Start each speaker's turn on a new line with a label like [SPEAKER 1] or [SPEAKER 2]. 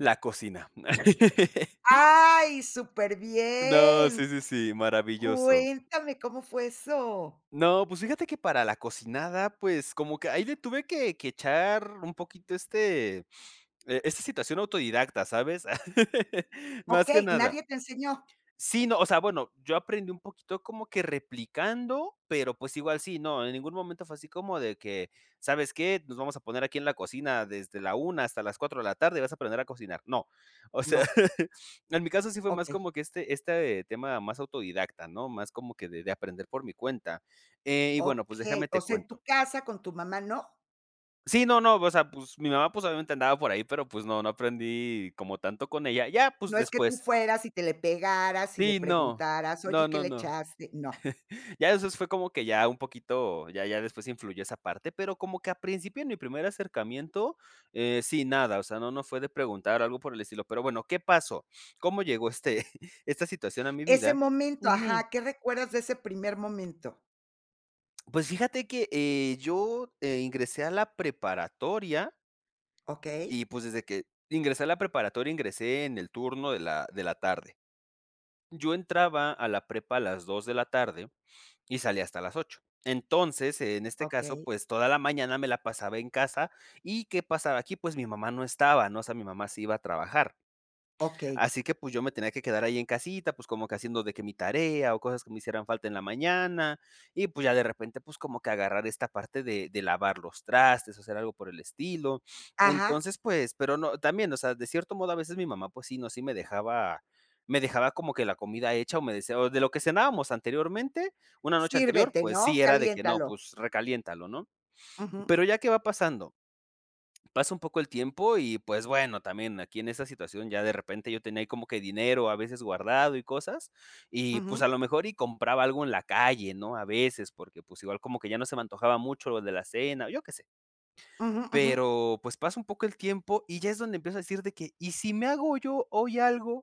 [SPEAKER 1] La cocina.
[SPEAKER 2] Ay,
[SPEAKER 1] No, sí,
[SPEAKER 2] superbién.
[SPEAKER 1] sí, sí, maravilloso.
[SPEAKER 2] Cuéntame cómo fue eso.
[SPEAKER 1] No, pues, fíjate que para la cocinada, pues, como que ahí le tuve que que echar un poquito este, eh, esta situación autodidacta, ¿sabes?, más que
[SPEAKER 2] Okey.
[SPEAKER 1] nada.
[SPEAKER 2] ¿Nadie te enseñó?
[SPEAKER 1] Sí, no, o sea, bueno, yo aprendí un poquito como que replicando, pero, pues, igual sí, no, en ningún momento fue así como de que: "¿Sabes qué? Nos vamos a poner aquí en la cocina desde la 1 hasta las 4 de la tarde y vas a aprender a cocinar". No. O sea,
[SPEAKER 2] No.
[SPEAKER 1] en mi caso, sí fue más
[SPEAKER 2] Okey.
[SPEAKER 1] como que, este este tema más autodidacta, ¿no?, más como que de de aprender por mi cuenta. Eh, y bueno, pues déjame
[SPEAKER 2] Okey. O
[SPEAKER 1] te
[SPEAKER 2] sea, ¿en
[SPEAKER 1] cuento.
[SPEAKER 2] tu casa, con tu mamá, no?
[SPEAKER 1] Sí, no, no, o sea, pues, mi mamá, pues, obviamente, andaba por ahí, pero, pues, no, no aprendí como tanto con ella. Ya, pues,
[SPEAKER 2] No es que tú
[SPEAKER 1] después.
[SPEAKER 2] fueras y te le pegaras y le
[SPEAKER 1] Sí, no.
[SPEAKER 2] preguntaras: "Oye,
[SPEAKER 1] No,
[SPEAKER 2] ¿qué
[SPEAKER 1] no,
[SPEAKER 2] le
[SPEAKER 1] no.
[SPEAKER 2] echaste?" No.
[SPEAKER 1] Ya eso fue como que ya un poquito ya ya después influyó esa parte, pero como que a principio en mi primer acercamiento, eh, sí, nada, o sea, no, no fue de preguntar algo por el estilo, pero bueno, ¿qué pasó? ¿Cómo llegó este esta situación a mi
[SPEAKER 2] Ese
[SPEAKER 1] vida?
[SPEAKER 2] momento,
[SPEAKER 1] Ujú.
[SPEAKER 2] ajá. ¿Qué recuerdas de ese primer momento?
[SPEAKER 1] Pues fíjate que, eh, yo, eh ,ingresé a la preparatoria
[SPEAKER 2] Okey.
[SPEAKER 1] y, pues, desde que ingresé a la preparatoria, ingresé en el turno de la de la tarde. Yo entraba a la prepa a las 2 de la tarde y salía hasta las 8. Entonces, en este caso,
[SPEAKER 2] Okey.
[SPEAKER 1] pues, toda la mañana me la pasaba en casa, ¿y qué pasaba aquí? Pues, mi mamá no estaba, ¿no? O sea, mi mamá sí iba a trabajar.
[SPEAKER 2] Okey.
[SPEAKER 1] Así que, pues, yo me tenía que quedar ahí en casita, pues, como que haciendo de que mi tarea o cosas que me hicieran falta en la mañana, y, pues, ya, de repente, pues, como que agarrar esta parte de de lavar los trastes o hacer algo por el estilo.
[SPEAKER 2] Ajá.
[SPEAKER 1] Entonces, pues pero, no, también, o sea, de cierto modo, a veces mi mamá, pues, sí, ¿no?, sí me dejaba me dejaba como que la comida hecha o me decía o de lo que cenábamos anteriormente, una noche anterior,
[SPEAKER 2] Sírvete,
[SPEAKER 1] pues,
[SPEAKER 2] ¿no?
[SPEAKER 1] sí, era de que no,
[SPEAKER 2] Caliéntalo.
[SPEAKER 1] pues, recaliéntalo, ¿no?
[SPEAKER 2] Ujú.
[SPEAKER 1] Pero, ya, ¿qué va pasando? Pasa un poco el tiempo y, pues, bueno, también aquí en esa situación, ya, de repente, yo tenía ahí como que dinero, a veces guardado y cosas, y, pues, a
[SPEAKER 2] Ujú.
[SPEAKER 1] lo mejor, y compraba algo en la calle, ¿no?, a veces, porque, pues, igual como que ya no se me antojaba mucho lo de la cena, yo qué sé.
[SPEAKER 2] Ujú, ujú.
[SPEAKER 1] Pero, pues, pasa un poco el tiempo y ya es donde empiezo a decir de que: "¿Y si me hago yo hoy algo?"